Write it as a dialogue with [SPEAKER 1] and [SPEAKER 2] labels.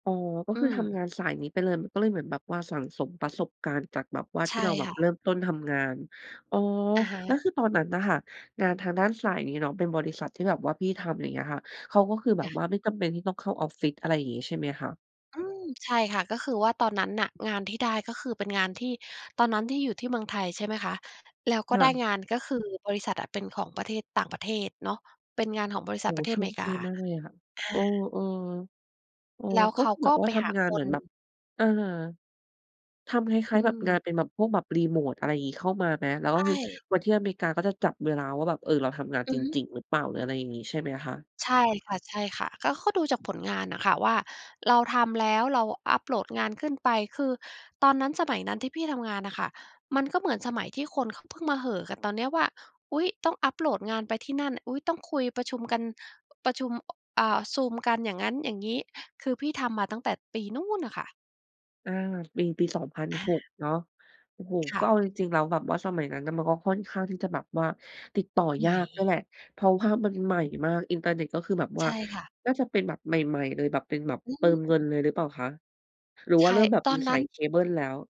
[SPEAKER 1] อ๋อ ก็
[SPEAKER 2] อื
[SPEAKER 1] คือท
[SPEAKER 2] ม
[SPEAKER 1] ำงานสายนี้ไปเลย มันก็เลยเหมือนแบบว่าสั่งสมประสบการณ์ จากแบบว่า
[SPEAKER 2] ใ
[SPEAKER 1] ท
[SPEAKER 2] ช
[SPEAKER 1] ี่
[SPEAKER 2] ่
[SPEAKER 1] เราแบ
[SPEAKER 2] ค
[SPEAKER 1] บ
[SPEAKER 2] ่
[SPEAKER 1] เ
[SPEAKER 2] ะ
[SPEAKER 1] ริ่มต้นทำงาน อ๋อ
[SPEAKER 2] อะฮ
[SPEAKER 1] แล้ว
[SPEAKER 2] ะ
[SPEAKER 1] คือตอนนั้นน่ะค่ะ งานทางด้านสายนี้เนาะ เป็นบริษัทที่แบบว่าพี่ทำ อย่างเงี้ยค่ะ เขาก็คือแบ
[SPEAKER 2] จ้
[SPEAKER 1] บ
[SPEAKER 2] ะ
[SPEAKER 1] ว่าไม่จำเป็นที่ต้องเข้าออฟฟิศ อะไรอย่างนี้ใช่ไหมคะ?
[SPEAKER 2] อืม ใช่ค่ะ ก็คือว่าตอนนั้นน่ะ งานที่ได้ ก็คือเป็นงานที่ ตอนนั้นที่อยู่ที่เมืองไทย ใช่ไหมคะ แล้วก
[SPEAKER 1] ค
[SPEAKER 2] ็
[SPEAKER 1] ่
[SPEAKER 2] ได้
[SPEAKER 1] ะ
[SPEAKER 2] งาน ก็คือบริษัทอะเป็นของประเทศ ต่างประเทศเนาะ เป็นงานของบริษ
[SPEAKER 1] โอ
[SPEAKER 2] ัท
[SPEAKER 1] ้โ
[SPEAKER 2] ป
[SPEAKER 1] ฮ
[SPEAKER 2] ระเท
[SPEAKER 1] โช
[SPEAKER 2] ศอเม
[SPEAKER 1] ค
[SPEAKER 2] ริก
[SPEAKER 1] ด
[SPEAKER 2] า
[SPEAKER 1] ีมากเลยอะค่ะ
[SPEAKER 2] อ
[SPEAKER 1] เอ
[SPEAKER 2] า
[SPEAKER 1] อ ๆ เออ
[SPEAKER 2] แล้ว
[SPEAKER 1] ก
[SPEAKER 2] เ
[SPEAKER 1] ็
[SPEAKER 2] ข
[SPEAKER 1] ค
[SPEAKER 2] า
[SPEAKER 1] ือแ
[SPEAKER 2] ก
[SPEAKER 1] บ
[SPEAKER 2] ็
[SPEAKER 1] บว่
[SPEAKER 2] ไ
[SPEAKER 1] า
[SPEAKER 2] ป
[SPEAKER 1] ท
[SPEAKER 2] หา
[SPEAKER 1] ำงาน
[SPEAKER 2] ค
[SPEAKER 1] เหมื
[SPEAKER 2] น
[SPEAKER 1] อนแบบ อะฮะ ทำคล้
[SPEAKER 2] อ
[SPEAKER 1] า
[SPEAKER 2] ื
[SPEAKER 1] ย ๆ แบบงาน
[SPEAKER 2] ม
[SPEAKER 1] เป็นแบบพวกแบบ remote อะไรอย่างงี้ เข้ามาไหม แล้ว
[SPEAKER 2] ใช
[SPEAKER 1] ก็คือ
[SPEAKER 2] ่
[SPEAKER 1] วันที่อเมริกา ก็จะจับเวลาว่าแบบเออเราทำงาน
[SPEAKER 2] อื
[SPEAKER 1] จ
[SPEAKER 2] อฮึ
[SPEAKER 1] ริง ๆ หรือเปล่า หรืออะไรอย่างนี้ใช่ไหมคะ?
[SPEAKER 2] ใช่ค่ะ ใช่ค่ะ ก็เขาดูจากผลงานน่ะค่ะว่า เราทำแล้วเราอัปโหลดงานขึ้นไป คือตอนนั้นสมัยนั้นที่พี่ทำงานน่ะค่ะ มันก็เหมือนสมัยที่คนเขาเพิ่งมาเห่อกันตอนนี้ว่า อุ๊ย! ต้องอัปโหลดงานไปที่นั่น อุ๊ย! ต้องคุยประชุมกัน ประชุม อ่า ซูมกัน อย่างงั้นอย่างงี้ คือพี่ทำมาตั้งแต่ปีนู่นน่ะค่ะ
[SPEAKER 1] อา ปี ปี สองพัน
[SPEAKER 2] อา
[SPEAKER 1] หก เนาะ โอ้โฮ
[SPEAKER 2] ค่
[SPEAKER 1] ก็เอ
[SPEAKER 2] ะ
[SPEAKER 1] าจริง ๆ แล้วแบบว่าสมัยนั้นน่ะ มันก็ค่อนข้างที่จะแบบว่าติดต่อ
[SPEAKER 2] ให
[SPEAKER 1] ย
[SPEAKER 2] ม
[SPEAKER 1] า
[SPEAKER 2] ่
[SPEAKER 1] กด้วยแหละ เพราะว่ามันใหม่มาก อินเทอร์เน็ต ก็คือแบบว
[SPEAKER 2] ใ
[SPEAKER 1] ่
[SPEAKER 2] ช
[SPEAKER 1] า
[SPEAKER 2] ่ค่ะ
[SPEAKER 1] น่าจะเป็นแบบใหม่ ๆ เลย แบบเป็นแบบ
[SPEAKER 2] อื
[SPEAKER 1] เติมเงิน
[SPEAKER 2] ม
[SPEAKER 1] เลยหรือเปล่าคะ? หรือ
[SPEAKER 2] ใ
[SPEAKER 1] ว
[SPEAKER 2] ช
[SPEAKER 1] ่าเ
[SPEAKER 2] ่
[SPEAKER 1] ริ่มแบบ
[SPEAKER 2] ตอ
[SPEAKER 1] มี
[SPEAKER 2] นน
[SPEAKER 1] ส
[SPEAKER 2] ั
[SPEAKER 1] า
[SPEAKER 2] ้น
[SPEAKER 1] ยเคเบิลแล้ว?